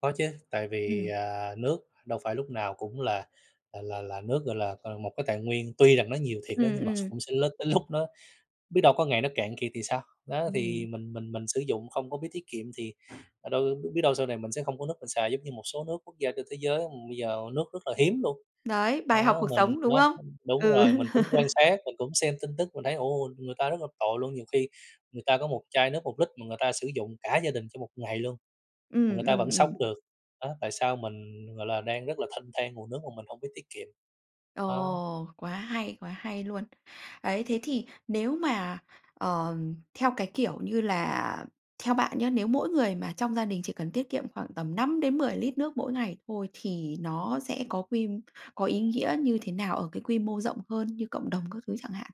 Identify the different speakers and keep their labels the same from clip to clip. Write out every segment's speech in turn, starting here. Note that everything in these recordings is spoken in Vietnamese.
Speaker 1: Có chứ, tại vì,
Speaker 2: Ừm.
Speaker 1: à, nước đâu phải lúc nào cũng là là là là nước, gọi là, ờ, một cái tài nguyên, tuy rằng nó nhiều thiệt đó
Speaker 2: Ừm,
Speaker 1: nhưng mà
Speaker 2: ừm.
Speaker 1: cũng sẽ l tới lúc nó biết đâu có ngày nó cạn kiệt thì sao? Đó,
Speaker 2: Đúng
Speaker 1: thì
Speaker 2: rồi.
Speaker 1: mình mình mình sử dụng không có biết tiết kiệm thì, ờ, đâu biết đâu sau này mình sẽ không có nước mình xài, giống như một số nước, quốc gia trên thế giới bây giờ nước rất là hiếm luôn.
Speaker 2: Đấy, bài học
Speaker 1: Đó,
Speaker 2: cuộc
Speaker 1: mình
Speaker 2: sống, đúng
Speaker 1: đó,
Speaker 2: không?
Speaker 1: đúng
Speaker 2: Ừ.
Speaker 1: rồi, mình cũng quan sát, mình cũng xem tin tức, mình thấy, ồ, người ta rất là tội luôn, nhiều khi người ta có một chai nước 1 lít mà người ta sử dụng cả gia đình cho một ngày luôn, mà
Speaker 2: Ừm,
Speaker 1: người ta
Speaker 2: ừm,
Speaker 1: vẫn sống
Speaker 2: ừm.
Speaker 1: được. Đó, tại sao mình, gọi là, đang rất là thênh thang nguồn nước mà mình hổng biết tiết kiệm? Á
Speaker 2: Ồ, quá hay, quá hay luôn. Ấy, thế thì, nếu mà, ờ, theo cái kiểu như là theo bạn nhá, nếu mỗi người mà trong gia đình chỉ cần tiết kiệm khoảng tầm 5 đến 10 lít nước mỗi ngày thôi thì nó sẽ có quy có ý nghĩa như thế nào ở cái quy mô rộng hơn, như cộng đồng các thứ chẳng hạn?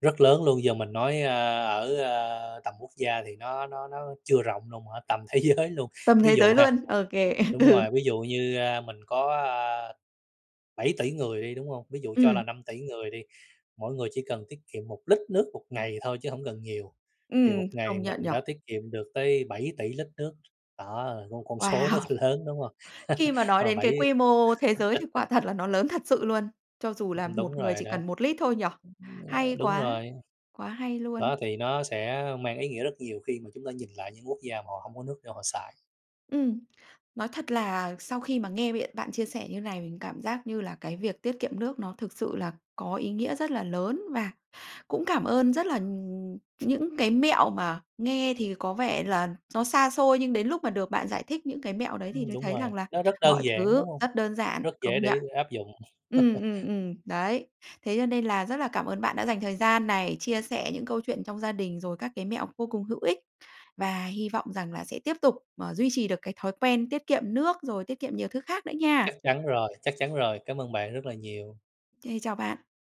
Speaker 1: Rất lớn luôn. Giờ mình nói, ơ, ở, ờ, tầm quốc gia thì nó nó nó chưa rộng luôn hả? Tầm thế giới luôn,
Speaker 2: Tầm
Speaker 1: ví
Speaker 2: thế
Speaker 1: dụ
Speaker 2: giới
Speaker 1: ha
Speaker 2: luôn, ô kê,
Speaker 1: đúng
Speaker 2: ừ.
Speaker 1: rồi, ví dụ như, a, mình có, a, 7.000.000.000 người đi, đúng hông? Ví dụ cho là
Speaker 2: Ừm.
Speaker 1: 5.000.000.000 người đi, mỗi người chỉ cần tiết kiệm 1 lít nước 1 ngày thôi chứ hổng cần nhiều, thì 1
Speaker 2: Ừm,
Speaker 1: ngày
Speaker 2: công nhận nhỉ?
Speaker 1: mình đã tiết kiệm được tới 7.000.000.000 lít nước, đó là con con số rất
Speaker 2: Wow!
Speaker 1: lớn, đúng hông?
Speaker 2: Khi mà nói
Speaker 1: Mà
Speaker 2: đến cái
Speaker 1: bảy
Speaker 2: quy mô thế giới thì quả thật là nó lớn thật sự luôn. Cho dù
Speaker 1: Ừm,
Speaker 2: là
Speaker 1: ừm, đúng
Speaker 2: một người
Speaker 1: rồi
Speaker 2: chỉ
Speaker 1: đó.
Speaker 2: cần 1 lít thôi nhỉ?
Speaker 1: Ờ,
Speaker 2: Hay
Speaker 1: đúng
Speaker 2: quá,
Speaker 1: rồi.
Speaker 2: quá hay
Speaker 1: Đó,
Speaker 2: luôn.
Speaker 1: thì nó sẽ mang ý nghĩa rất nhiều khi mà chúng ta nhìn lại những quốc gia mà họ hông có nước để họ xài.
Speaker 2: Ừm. Nói thật là sau khi mà nghe biện bạn chia sẻ như này, mình cảm giác như là cái việc tiết kiệm nước nó thực sự là có ý nghĩa rất là lớn. Và cũng cảm ơn rất là, ừm những cái mẹo mà nghe thì có vẻ là nó xa xôi, nhưng đến lúc mà được bạn giải thích những cái mẹo đấy thì
Speaker 1: Ừm,
Speaker 2: mới
Speaker 1: đúng
Speaker 2: thấy
Speaker 1: rồi,
Speaker 2: rằng là
Speaker 1: nó rất
Speaker 2: mọi
Speaker 1: đơn giản,
Speaker 2: thứ
Speaker 1: đúng hông?
Speaker 2: rất đơn giản,
Speaker 1: Rất dễ
Speaker 2: công nhận.
Speaker 1: để áp dụng.
Speaker 2: Ừm, ừm, ừm, đấy. Thế cho nên là rất là cảm ơn bạn đã dành thời gian này, chia sẻ những câu chuyện trong gia đình, rồi các cái mẹo vô cùng hữu ích. Và hy vọng rằng là sẽ tiếp tục, ờ, duy trì được cái thói quen tiết kiệm nước, rồi tiết kiệm nhiều thứ khác nữa nha.
Speaker 1: Chắc chắn rồi, chắc chắn rồi, cám ơn bạn rất là nhiều.
Speaker 2: Kê, chào bạn.